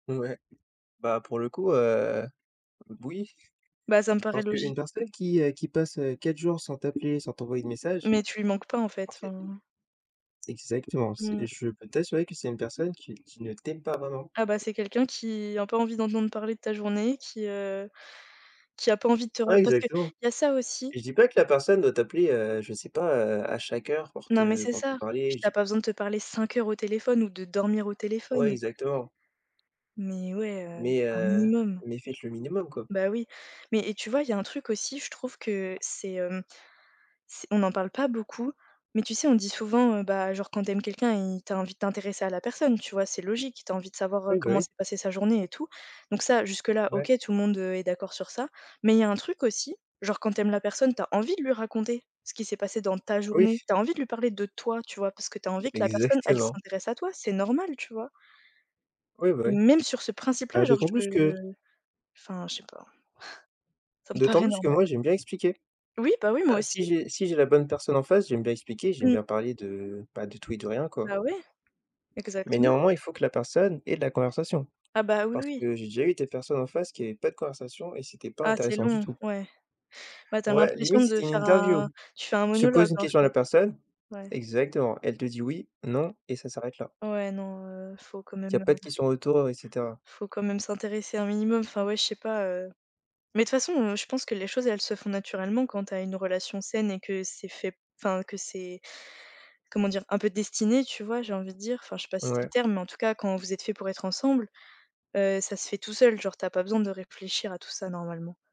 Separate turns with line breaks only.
Ouais. Bah, pour le coup, heu, b oui.
Bah, ça me paraît
Parce
logique.
qu'une personne qui est qui passe, heu, 4 jours sans t'appeler, sans t'envoyer de messages,
Mais tu lui manques pas en
en
fait,
fait.
enfin.
Exactement, c'est
Mmh.
et je peux t'assurer que c'est une personne qui qui ne t'aime pas vraiment.
Ah, bah, c'est quelqu'un qui a pas envie d'entendre parler de ta journée, qui, heu, qui a pas envie de te re
Ouais
parce qu'il
exactement
y a ça aussi.
et je dis pas que la personne doit t'appeler, heu, je sais pas, heu, à chaque heure pour
Non mais
te
c'est
pour te
ça, puis
parler
tu as
j'ai
pas besoin de te parler 5 heures au téléphone ou de dormir au
Ouais
téléphone.
exactement.
Mais ouais, heu,
Mais,
un
heu,
minimum.
mais faites le minimum quoi.
Bah, oui, mais et tu vois, il y a un truc aussi, je trouve que c'est, hem, c on n'en parle pas beaucoup. Mais tu sais, on dit souvent, heu, bah, genre quand tu aimes quelqu'un, y tu as envie de t'intéresser à la personne. Tu vois? C'est logique, tu as envie de savoir, heu,
Ouais, bah,
comment
oui.
s'est passée sa journée et tout. Donc ça jusque-là,
Ouais.
OK tout le monde, heu, est d'accord sur ça, mais il y a un truc aussi, genre quand tu aimes la personne, tu as envie de lui raconter ce qui s'est passé dans ta journée,
Oui.
tu as envie de lui parler de toi, tu vois? Parce que tu as envie que la personne elle
Exactement.
s'intéresse à toi, c'est normal. Tu vois?
Oui, bah, oui.
Même sur ce principe-là,
Bah
genre,
d'autant
je
plus que
enfin je sais pas. Ça me
d'autant
paraît
plus que
normal.
moi, j'aime bien expliquer.
Oui, bah oui moi
Bah, si
aussi.
j'ai si j'ai la bonne personne en face, j'aime bien expliquer, j'aime
Mmh.
bien parler de, bah, de tout et de rien quoi.
Bah, ouais,
Mais
exactement.
néanmoins, il faut que la personne ait de la conversation,
Ah, bah, oui
parce
oui.
que j'ai déjà eu des personnes en face qui avaient pas de conversation et c'était pas
Ah c'est
intéressant du
long,
tout.
ouais. Bah, tu as
Ouais
l'impression
limite c'était
de
une
faire
interview.
un tu fais un
Tu poses
monologue,
une
en
question à la
fait.
personne
Ouais.
exactement, elle te dit: «Oui, non» et ça s'arrête là.
Ouais non, heu, faut quand
Il y
même,
pas
heu
de questions retour et cetera.
faut quand même s'intéresser un minimum, enfin ouais je sais pas, heu. Mais toute façon, heu, je pense que les choses elles se font naturellement quand tu as une relation saine et que c'est fait enfin, que c'est comment dire? Un peu destiné, tu vois j'ai envie de dire, enfin je sais pas si c'est le
Ouais.
terme, mais en tout cas quand vous êtes faits pour être ensemble, heu, ça se fait tout seul, genre tu as pas besoin de réfléchir à tout ça normalement.